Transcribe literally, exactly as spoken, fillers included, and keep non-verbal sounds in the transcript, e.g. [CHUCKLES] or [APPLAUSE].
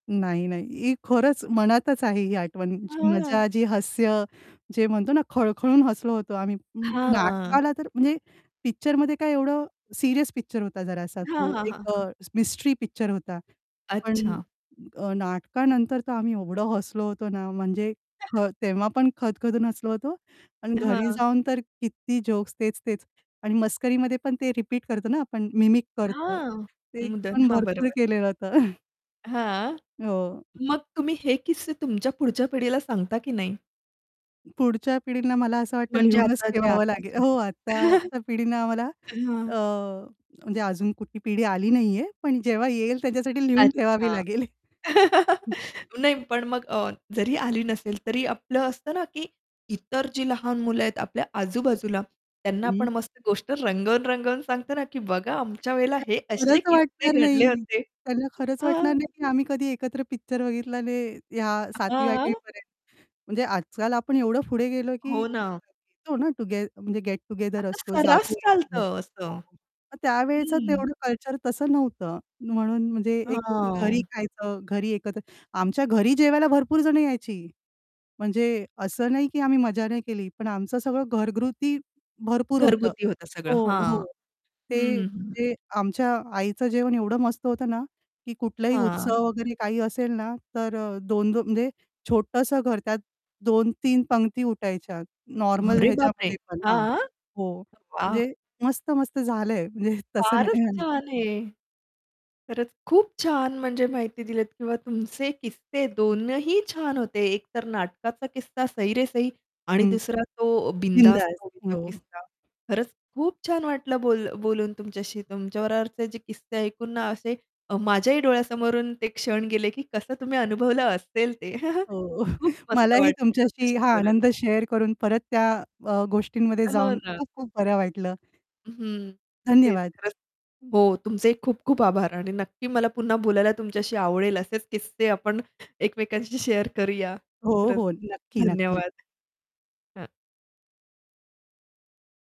नाही, नाही. ही खरंच मनातच आहे ही आठवण जी हां. मजा जी हास्य. जे म्हणतो ना, खळखळून हसलो होतो आम्ही हां. नाटकाला तर म्हणजे पिक्चरमध्ये काय एवढं सीरियस पिक्चर होता जरासा हां, तो हां, हां, एक हां. अ, मिस्ट्री पिक्चर होता, पण अच्छा. अ, नाटकानंतर तर आम्ही एवढं हसलो होतो ना, म्हणजे [CHUCKLES] हं तेव्हा पण खदखदून हसलो होतो. आणि घरी हां. जाऊन तर किती जोक्स तेच-तेच. आणि मस्करीमध्ये पण ते रिपीट करतो ना आपण मिमिक करतो. हां, ते मुदन पण हां, भरपूर बरोबर. केलेलं होतं. [CHUCKLES] हां. हो. मग तुम्ही हे किस्से तुमच्या पुढच्या पिढीला सांगता की नाही? पुढच्या पिढींना मला असं वाटतं म्हणजे लिहूनच आताचे, ठेवावं लागेल आताचे. हो, [CHUCKLES] आत्ताच्या पिढीनं आम्हाला हं. अ, म्हणजे अजून कुठली पिढी आली नाहीये, पण जेव्हा येईल त्याच्यासाठी लिहून ठेवावी अच्छा. लागेल. [LAUGHS] [CHUCKLES] हं. नाही, पण मग अ, जरी आली नसेल, तरी आपलं असतं ना, की इतर जी लहान मुलं आहेत आपल्या आजूबाजूला, त्यांना आपण हं. मस्त गोष्ट रंगवून-रंगवून सांगतो ना की बघा आमच्या वेळेला हे त्यांना असे खरंच वाटणार किस्से घडले नाही, होते. त्यांना खरंच वाटणार हां. नाही की आम्ही कधी एकत्र पिक्चर बघितला नाही, या सातवी आठवी हां. पर्यंत म्हणजे आजकाल आपण एवढं पुढे गेलो, की हो ना. येतो ना टॉगेथ म्हणजे गेट टूगेदर आता असतो, सर्रास जातो-येतो हो. चालतं असं. मग त्यावेळचं हं. तेवढं कल्चर तसं नव्हतं, म्हणून म्हणजे एक घरी हां. खायचं, घरी एकत्र आमच्या घरी जेवायला भरपूर जण यायची. म्हणजे असं नाही की आम्ही मजा नाही केली, पण आमचं सगळं घरगुती भरपूर होतं घरगुती होतं सगळं, हो, हो. हां. हं, ते हं, हं. ते आमच्या आईचं जेवण एवढं मस्त होतं ना, की कुठलाही हां. उत्सव वगैरे काही असेल ना, तर अ, दोन दो म्हणजे छोटंसं घर, त्यात दोन तीन पंगती उठायच्या नॉर्मल अरे बापरे! ह्याच्यामध्ये पण, हां, हां? हो. वाह! म्हणजे मस्त-मस्त झालंय, म्हणजे तसं फारच नाही. [UNINTELLIGIBLE] छान आहे! खरंच खूप छान, म्हणजे माहिती दिलीत किंवा तुमचे किस्से दोनही छान होते, एक तर नाटकाचा किस्सा सही रे सही आणि हं. दुसरा तो बिनधास्त बिंदास मूव्हीचा हो. किस्सा. खरंच खूप छान वाटलं बोल बोलून तुमच्याशी. तुमच्या बरोबरचे जे किस्से ऐकून ना असे अ, माझ्याही डोळ्यासमोरून ते क्षण गेले की कसं तुम्ही अनुभवलं असेल ते. [CHUCKLES] हो, खूप [CHUCKLES] मस्त मलाही वाटतं तुमच्याशी तुमच्याशी हा बोलून. आनंद शेअर करून परत त्या अ, गोष्टींमध्ये हो जाऊन ना. खूप खूप बरं वाटलं. हं, तेच धन्यवाद. खरंच हं. हो. तुमचेही खूप खूप आभार आणि नक्की मला पुन्हा बोलायला तुमच्याशी आवडेल असेच किस्से आपण एकमेकांशी शेअर करूया. हो, खरंच हो. नक्की, नक्की. धन्यवाद. हं.